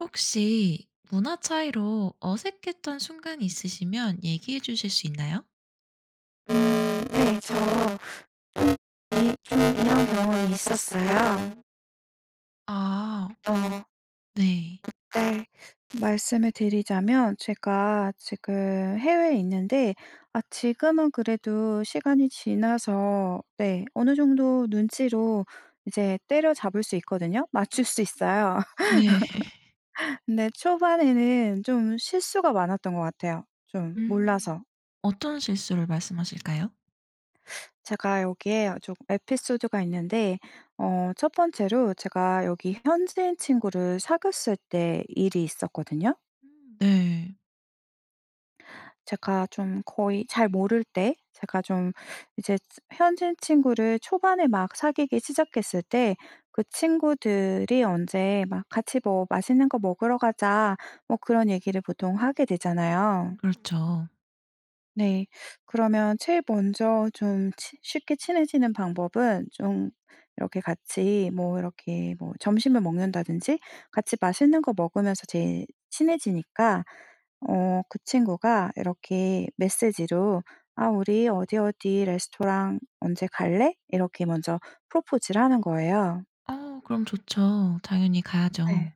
혹시 문화 차이로 어색했던 순간이 있으시면 얘기해 주실 수 있나요? 음 네 저 좀 네 좀 대형 경험이 있었어요. 아. 어. 그 네. 때 말씀을 드리자면 제가 지금 해외에 있는데 아 지금은 그래도 시간이 지나서 네 어느 정도 눈치로 이제 때려잡을 수 있거든요. 맞출 음 수 있어요. 네. 근데 초반에는 좀 실수가 많았던 거 같아요 좀 음. 몰라서. 어떤 실수를 말씀 하실까요? 제가 여기에 어 좀 에피소드가 있는데 어 1 번째로 제가 여기 현지인 친구를 사귀었을 때 일이 있었거든요. 음 네. 제가 좀 거의 잘 모를 때 제가 좀 이제 현지인 친구를 초반에 막 사귀기 시작했을 때 그 친구들이 "언제 막 같이 뭐 맛있는 거 먹으러 가자." 뭐 그런 얘기를 보통 하게 되잖아요. 음 그렇죠. 네. 그러면 제일 먼저 좀 친 쉽게 친해지는 방법은 좀 이렇게 같이 뭐 이렇게 뭐 점심을 먹는다든지 같이 맛있는 거 먹으면서 제일 친해지니까 어 그 친구가 이렇게 메시지로 "아 우리 어디 어디 레스토랑 언제 갈래?" 이렇게 먼저 프로포즈를 하는 거예요. 아 그럼 좋죠. 당연히 가야죠. 네.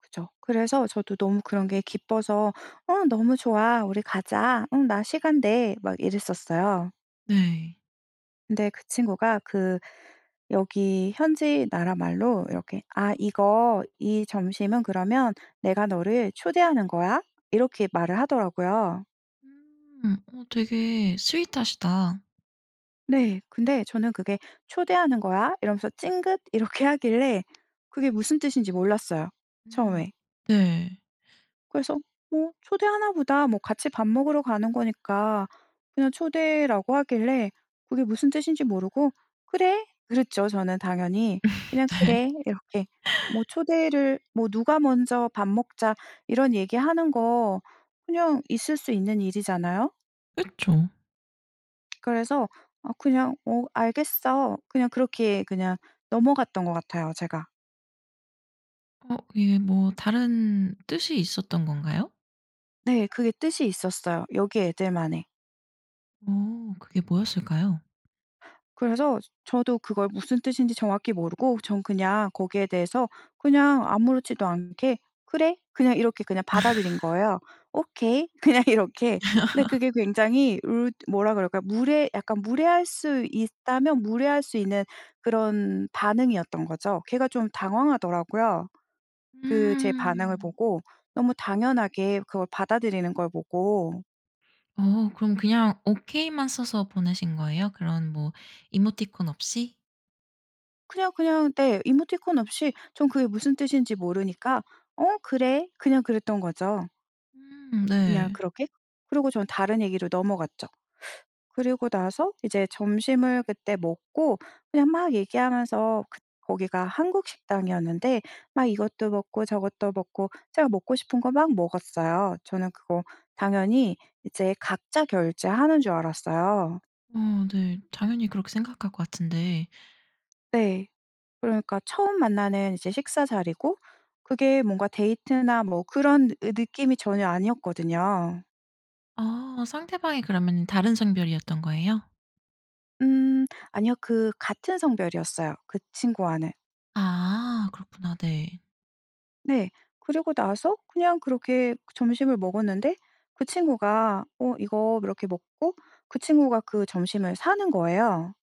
그쵸. 그래서 저도 너무 그런 게 기뻐서 "어 너무 좋아. 우리 가자. 응 나 시간 돼." 막 이랬었어요. 네. 근데 그 친구가 그 여기 현지 나라말로 이렇게 "아 이거 이 점심은 그러면 내가 너를 초대하는 거야." 이렇게 말을 하더라고요. 음. 어 되게 sweet하시다. 네. 근데 저는 그게 "초대하는 거야." 이러면서 찡긋 이렇게 하길래 그게 무슨 뜻인지 몰랐어요 음. 처음에. 네. 그래서 뭐 '초대하나 보다.' 뭐 같이 밥 먹으러 가는 거니까. 그냥 초대라고 하길래 그게 무슨 뜻인지 모르고 "그래." 그랬죠 저는 당연히. 그냥 네. "그래." 이렇게 뭐 초대를 뭐 누가 먼저 "밥 먹자." 이런 얘기 하는 거 그냥 있을 수 있는 일이잖아요. 그쵸. 그래서 어 그냥 "어 알겠어." 그냥 그렇게 그냥 넘어갔던 것 같아요, 제가. 어. 예. 뭐 다른 뜻이 있었던 건가요? 네. 그게 뜻이 있었어요, 여기 애들만의. 어. 그게 뭐였을까요? 그래서 저 저도 그걸 무슨 뜻인지 정확히 모르고 전 그냥 거기에 대해서 그냥 아무렇지도 않게 "그래." 그냥 이렇게 받아들인 거예요. "오케이." 그냥 이렇게. 근데 그게 굉장히 읏 뭐라 그럴까요? 무례 약간 무례할 수 있다면 무례할 수 있는 그런 반응이었던 거죠. 걔가 좀 당황하더라고요. 그 제 반응을 음. 보고 너무 당연하게 그걸 받아들이는 걸 보고. 어. 그럼 그냥 오케이만 써서 보내신 거예요? 그런 뭐 이모티콘 없이? 그냥, 그냥 네. 이모티콘 없이 전 그게 무슨 뜻인지 모르니까 "어 그래." 그냥 그랬던 거죠. 음. 그냥 네. 그렇게. 그러고 전 다른 얘기로 넘어갔죠. 그러고 나서 이제 점심을 그때 먹고 그냥 막 얘기하면서 그 거기가 한국 식당이었는데 막 이것도 먹고 저것도 먹고 제가 먹고 싶은 거 막 먹었어요. 저는 그거 당연히 이제 각자 결제하는 줄 알았어요. 어. 네. 당연히 그렇게 생각할 것 같은데 네. 그러니까 처음 만나는 이제 식사 자리고 그게 뭔가 데이트나 뭐 그런 으 느낌이 전혀 아니었거든요. 아. 상대방이 그러면은 다른 성별이었던 거예요? 음. 아니요. 그 같은 성별이었어요 그 친구와는. 아. 그렇구나 네. 네. 그리고 나서 그냥 그렇게 점심을 먹었는데 그 친구가 어 이거 이렇게 먹고 그 친구가 그 점심을 사는 거예요.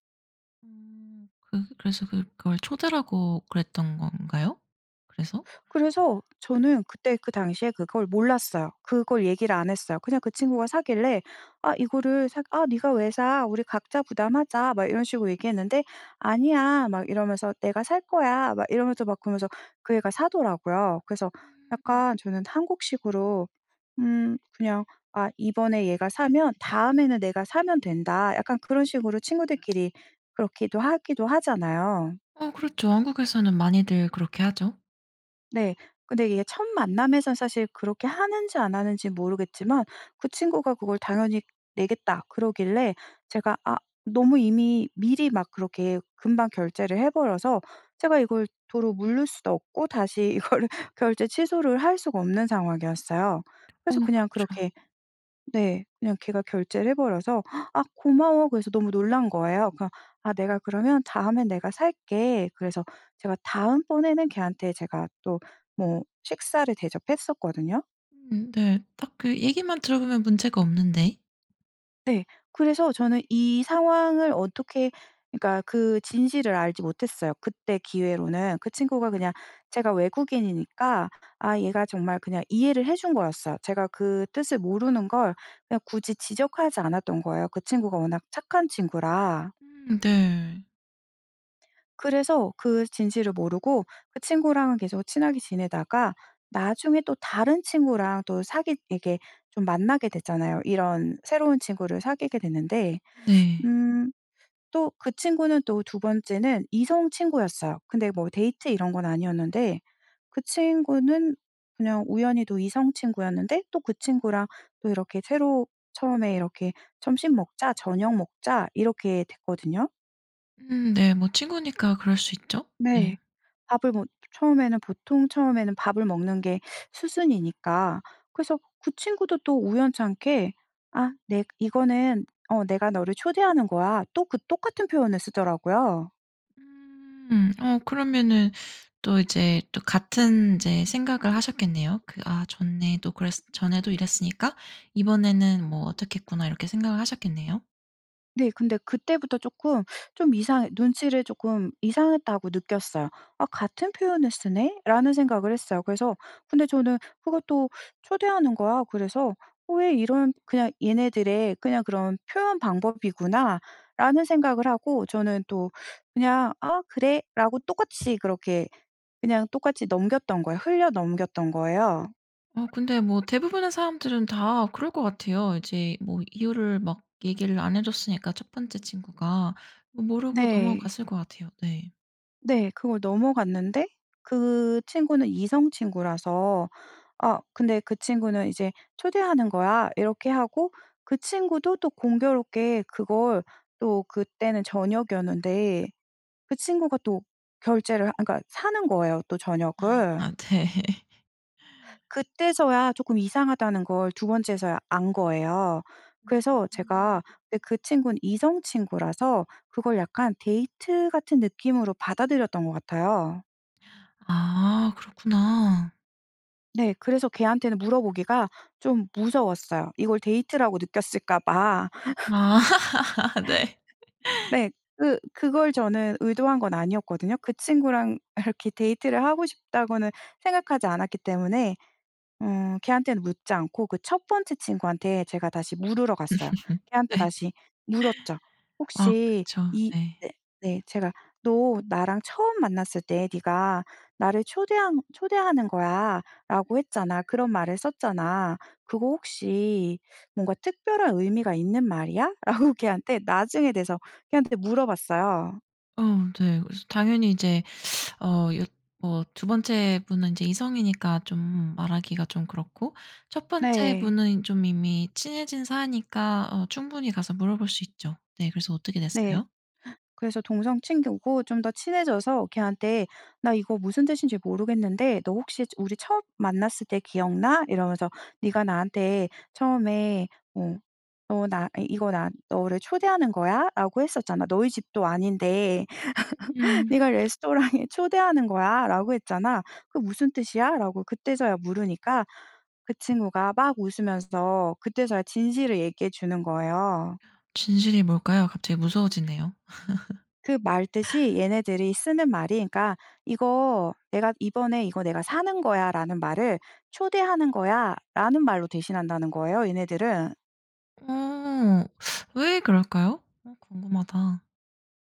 음. 그 그래서 그걸 초대를 하고 그랬던 건가요? 그래서? 그래서 저는 그때 그 당시에 그걸 몰랐어요. 그걸 얘기를 안 했어요. 그냥 그 친구가 사길래 아 이거를 사 "아 네가 왜 사. 우리 각자 부담하자." 막 이런 식으로 얘기했는데 "아니야." 막 이러면서 "내가 살 거야." 막 이러면서 그러면서 그 애가 사더라고요. 그래서 음. 약간 저는 한국식으로 '음. 그냥 아 이번에 얘가 사면 다음에는 내가 사면 된다.' 약간 그런 식으로 친구들끼리 그렇게도 하기도 하잖아요. 어 그렇죠. 한국에서는 많이들 그렇게 하죠. 네. 근데 이게 첫 만남에서 사실 그렇게 하는지 안 하는지 모르겠지만 그 친구가 그걸 당연히 내겠다 그러길래 제가 아 너무 이미 미리 막 그렇게 금방 결제를 해버려서 제가 이걸 도로 무를 수도 없고 다시 이걸 결제 취소를 할 수가 없는 상황이었어요. 어 그래서 그냥 그쵸. 그렇게 네. 그냥 걔가 결제를 해버려서 "아. 고마워." 그래서 너무 놀란 거예요. 그러 "아. 내가 그러면 다음에는 내가 살게." 그래서 제가 다음번에는 걔한테 제가 또 뭐 식사를 대접했었거든요. 음 네. 딱 그 얘기만 들어보면 문제가 없는데? 네. 그래서 저는 이 상황을 어떻게 그니까 그 진실을 알지 못했어요 그때 기회로는. 그 친구가 그냥 제가 외국인이니까 아 얘가 정말 그냥 이해를 해 준 거였어요. 제가 그 뜻을 모르는 걸 그냥 굳이 지적하지 않았던 거예요 그 친구가 워낙 착한 친구라. 음 네. 그래서 그 진실을 모르고 그 친구랑은 계속 친하게 지내다가 나중에 또 다른 친구랑 또 사귀 이렇게 좀 만나게 되잖아요? 이런 새로운 친구를 사귀게 됐는데 네. 음 또 그 친구는 또 2 번째는 이성 친구였어요. 근데 뭐 데이트 이런 건 아니었는데 그 친구는 그냥 우연히도 이성 친구였는데 또 그 친구랑 또 이렇게 새로 처음에 이렇게 "점심 먹자. 저녁 먹자." 이렇게 됐거든요. 음 네 뭐 친구니까 그럴 수 있죠. 네. 네. 밥을 뭐 처음에는 보통 처음에는 밥을 먹는 게 수순이니까 그래서 그 친구도 또 우연찮게 "아 내 이거는 어 내가 너를 초대하는 거야." 또 그 똑같은 표현을 쓰더라고요. 음 어 그러면은 또 이제 또 같은 이제 생각을 하셨겠네요. 그 '아 좋네 또 그랬 전에도 이랬으니까 이번에는 뭐 어떻겠구나.' 이렇게 생각을 하셨겠네요? 네. 근데 그때부터 쪼끔 좀 이상해 눈치를 쪼끔 이상했다고 느꼈어요. '아 같은 표현을 쓰네?'라는 생각을 했어요. 그래서 근데 저는 그것도 "초대하는 거야." 그래서 어 왜 이런 '그냥 얘네들의 그냥 그런 표현 방법이구나.'라는 생각을 하고 저는 또 그냥 "아 그래."라고 똑같이 그렇게 그냥 똑같이 넘겼던 거예요. 흘려 넘겼던 거예요. 어 근데 뭐 대부분의 사람들은 다 그럴 것 같아요. 이제 뭐 이유를 막 얘기를 안 해 줬으니까 1 번째 친구가. 모르고 네. 넘어갔을 것 같아요. 네. 네. 그걸 넘어갔는데 그 친구는 이성 친구라서 아 근데 그 친구는 이제 "초대하는 거야." 이렇게 하고 그 친구도 또 공교롭게 그걸 또 그때는 저녁이었는데 그 친구가 또 결제를 하 아 그러니까 사는 거예요 또 아, 저녁을. 아 네. 그때서야 쪼끔 이상하다는 걸 2 번째서야 안 거예요. 그래서 음. 제가 근데 그 친구는 이성 친구라서 그걸 약간 데이트 같은 느낌으로 받아들였던 거 같아요. 아 그렇구나. 네 그래서 걔한테는 물어보기가 좀 무서웠어요 이걸 데이트라고 느꼈을까 봐. 아 네. 네. 그 그걸 저는 의도한 건 아니었거든요. 그 친구랑 이렇게 데이트를 하고 싶다고는 생각하지 않았기 때문에 응 걔한테는 묻지 않고 그 1 번째 친구한테 제가 다시 물으러 갔어요. 걔한테 네. 다시 물었죠. 아 혹시 그쵸 이 네. 네. 네. 제가 "너 나랑 처음 만났을 때 네가 나를 초대하는 초대하는 거야라고 했잖아. 그런 말을 썼잖아. 그거 혹시 뭔가 특별한 의미가 있는 말이야?" 라고 걔한테 나중에 돼서 걔한테 물어 봤어요. 어 네. 그래서 당연히 이제 어 여 뭐 2 번째 분은 이제 이성이니까 좀 말하기가 좀 그렇고 1 번째 네. 분은 좀 이미 친해진 사이니까 어 충분히 가서 물어볼 수 있죠. 네 그래서 어떻게 네. 됐어요? 그래서 동성 친구고 좀 더 친해져서 걔한테 "나 이거 무슨 뜻인지 모르겠는데 너 혹시 저 우리 처음 만났을 때 기억 나?" 이러면서 "네가 나한테 처음에 어 어 나 이거 '나 너를 초대하는 거야.'라고 했었잖아. 너희 집도 아닌데 음. 네가 레스토랑에 '초대하는 거야.'라고 했잖아. 그 무슨 뜻이야?"라고 그때서야 물으니까 그 친구가 막 웃으면서 그때서야 진실을 얘기해 주는 거예요. 진실이 뭘까요? 갑자기 무서워지네요. 그 말 뜻이 얘네들이 쓰는 말이 그러니까 "이거 내가 이번에 이거 내가 사는 거야."라는 말을 "초대하는 거야."라는 말로 대신한다는 거예요 얘네들은. 오 왜 그럴까요? 어 궁금하다.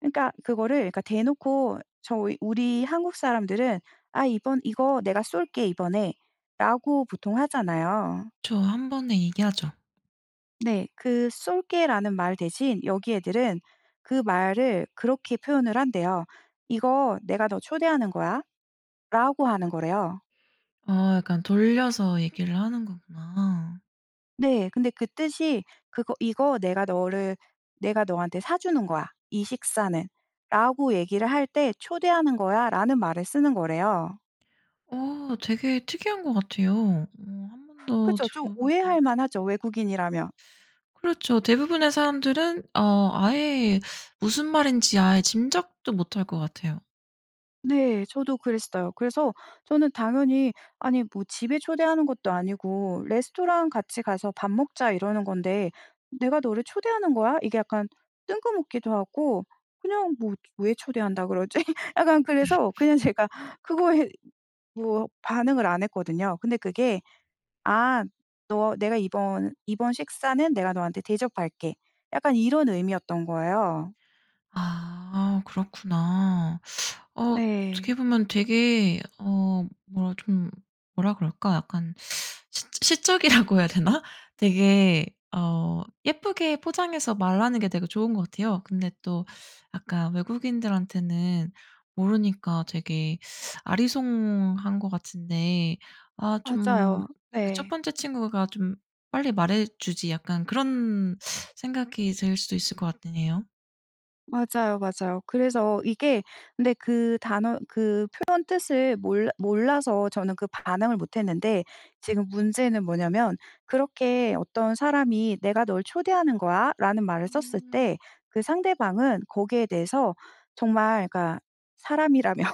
그러니까 그거를 그러니까 대놓고 저희 우리 한국 사람들은 "아 이번 이거 내가 쏠게 이번에."라고 보통 하잖아요. 그쵸. 한번에 얘기하죠. 네 그 "쏠게."라는 말 대신 여기 애들은 그 말을 그렇게 표현을 한대요. "이거 내가 너 초대하는 거야."라고 하는 거래요. 어 약간 돌려서 얘기를 하는 거구나. 네. 근데 그 뜻이 그거 "이거 내가 너를 내가 너한테 사주는 거야 이 식사는."라고 얘기를 할 때 "초대하는 거야."라는 말을 쓰는 거래요. 어 되게 특이한 것 같아요. 어 1 번도 그죠? 좀 들어보지 못한 오해할 만하죠? 외국인이라면? 그렇죠. 대부분의 사람들은 어 아예 무슨 말인지 아예 짐작도 못할 것 같아요. 네 저도 그랬어요. 그래서 저는 당연히 아니 뭐 집에 초대하는 것도 아니고 "레스토랑 같이 가서 밥 먹자." 이러는 건데 "내가 너를 초대하는 거야." 이게 약간 뜬금없기도 하고 그냥 뭐 '왜 초대한다고 그러지?' 약간 그래서 그냥 제가 그거에 뭐 반응을 안 했거든요. 근데 그게 "아 너 내가 이번 이번 식사는 내가 너한테 대접할게." 약간 이런 의미였던 거예요. 아 그렇구나. 어 어떻게 네. 보면 되게 어 뭐라 좀 뭐라 그럴까 약간 시 시적이라고 해야 되나? 되게 어 예쁘게 포장해서 말하는 게 되게 좋은 것 같아요. 근데 또 약간 외국인들한테는 모르니까 되게 아리송한 것 같은데 '아 좀 맞아요. 그 1 네. 번째 친구가 좀 빨리 말해주지.' 약간 그런 생각이 들 수도 있을 것 같으네요. 맞아요, 맞아요. 그래서 이게 근데 그 단어 그 표현 뜻을 몰라 몰라서 저는 그 반응을 못 했는데 지금 문제는 뭐냐면 그렇게 어떤 사람이 "내가 널 초대하는 거야"라는 말을 썼을 음. 때 그 상대방은 거기에 대해서 정말 그니까 사람이라면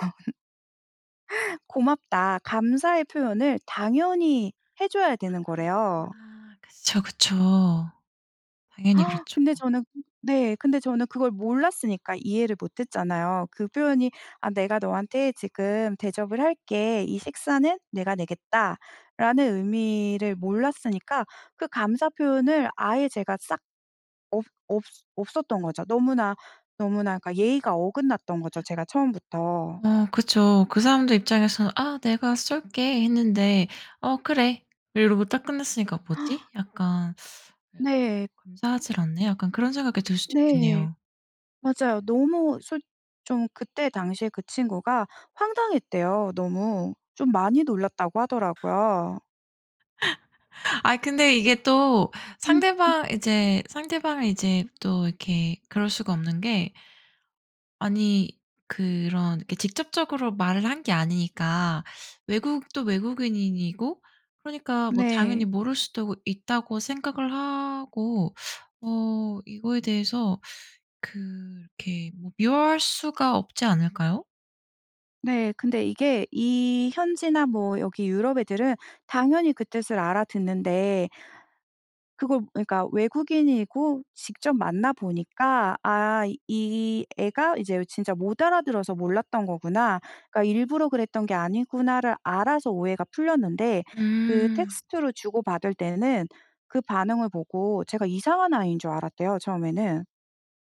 "고맙다." 감사의 표현을 당연히 해 줘야 되는 거래요. 아 그쵸, 그쵸. 당연히 그렇죠. 근데 저는 네. 근데 저는 그걸 몰랐으니까 이해를 못 했잖아요. 그 표현이 "아 내가 너한테 지금 대접을 할게. 이 식사는 내가 내겠다."라는 의미를 몰랐으니까 그 감사 표현을 아예 제가 싹 없 없었 없었던 거죠. 너무나, 너무나 그니까 예의가 어긋났던 거죠 제가 처음부터. 어 그쵸. 그 사람들 입장에서는 "아 내가 쏠게." 했는데 "어 그래." 이러고 딱 끝났으니까 '뭐지?' 약간, 약간 어 네. '감사하질 않네?' 약간 그런 생각이 들 수도 네 있겠네요. 맞아요. 너무 솔 좀 그때 당시에 그 친구가 황당했대요 너무. 좀 많이 놀랐다고 하더라고요. 아니 근데 이게 또 음 음. 상대방 이제 상대방이 이제 또 이렇게 그럴 수가 없는 게 아니 그런 이렇게 직접적으로 말을 한 게 아니니까 외국도 외국인 인이고 그러니까 뭐 당연히 네. 모를 수도 있다고 생각을 하고 어 이거에 대해서 그렇게 뭐 미워할 수가 없지 않을까요? 네. 근데 이게 이 현지나 뭐 여기 유럽 애들은 당연히 그 뜻을 알아듣는데 그거 그니까 외국인이고 직접 만나 보니까 '아 이 애가 이제 진짜 못 알아들어서 몰랐던 거구나.' 그러니까 '일부러 그랬던 게 아니구나.'를 알아서 오해가 풀렸는데 그 음. 텍스트로 주고받을 때는 그 반응을 보고 제가 이상한 아이인 줄 알았대요 처음에는.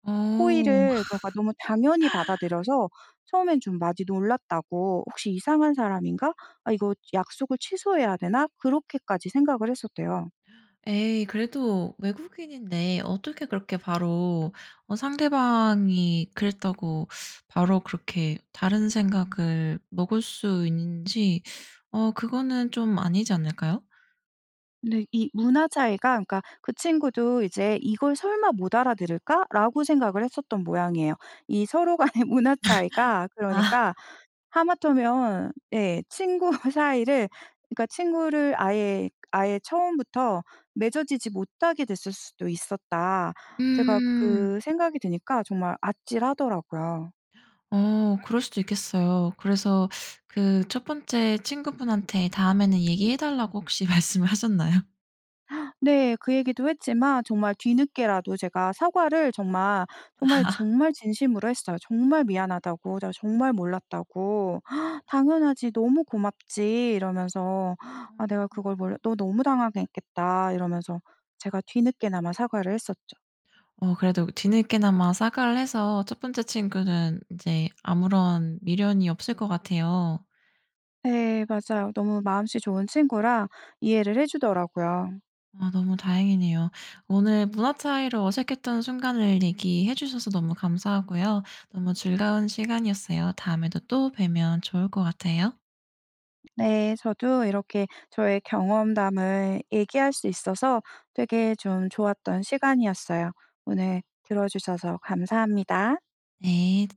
오. 호의를 그러니까 너무 당연히 받아들여서 처음엔 좀 많이 놀랐다고 '혹시 이상한 사람인가? 아 이거 약속을 취소해야 되나?' 그렇게까지 생각을 했었대요. 에이 그래도 외국인인데 어떻게 그렇게 바로 어 상대방이 그랬다고 바로 그렇게 다른 생각을 먹을 수 있는지 어 그거는 좀 아니지 않을까요? 근데 이 문화 차이가 그니까 그 친구도 이제 '이걸 설마 못 알아들을까?'라고 생각을 했었던 모양이에요. 이 서로 간의 문화 차이가 아. 그러니까 하마터면 예 친구 사이를 그러니까 친구를 아예 그 '아예 처음부터 맺어지지 못하게 됐을 수도 있었다.' 제가 음. 그 생각이 드니까 정말 아찔하더라고요. 어 그럴 수도 있겠어요. 그래서 그 1 번째 친구분한테 다음에는 얘기해 달라고 혹시 말씀을 하셨나요? 네 그 얘기도 했지만 정말 뒤늦게라도 제가 사과를 정말, 정말 아. 정말 진심으로 했어요 정말 미안하다고 내가 정말 몰랐다고. "당연하지 너무 고맙지." 이러면서 "아 내가 그걸 몰라 너 너무 당황했겠다." 이러면서 제가 뒤늦게나마 사과를 했었죠. 어 그래도 뒤늦게나마 사과를 해서 1 번째 친구는 이제 아무런 미련이 없을 것 같아요. 네 맞아요. 너무 마음씨 좋은 친구라 이해를 해 주더라고요. 아 너무 다행이네요. 오늘 문화 차이로 어색했던 순간을 얘기해 주셔서 너무 감사하고요. 너무 즐거운 시간이었어요. 다음에도 또 뵈면 좋을 것 같아요. 네. 저도 이렇게 저의 경험담을 얘기할 수 있어서 되게 좀 좋았던 시간이었어요. 오늘 들어 주셔서 감사합니다. 네.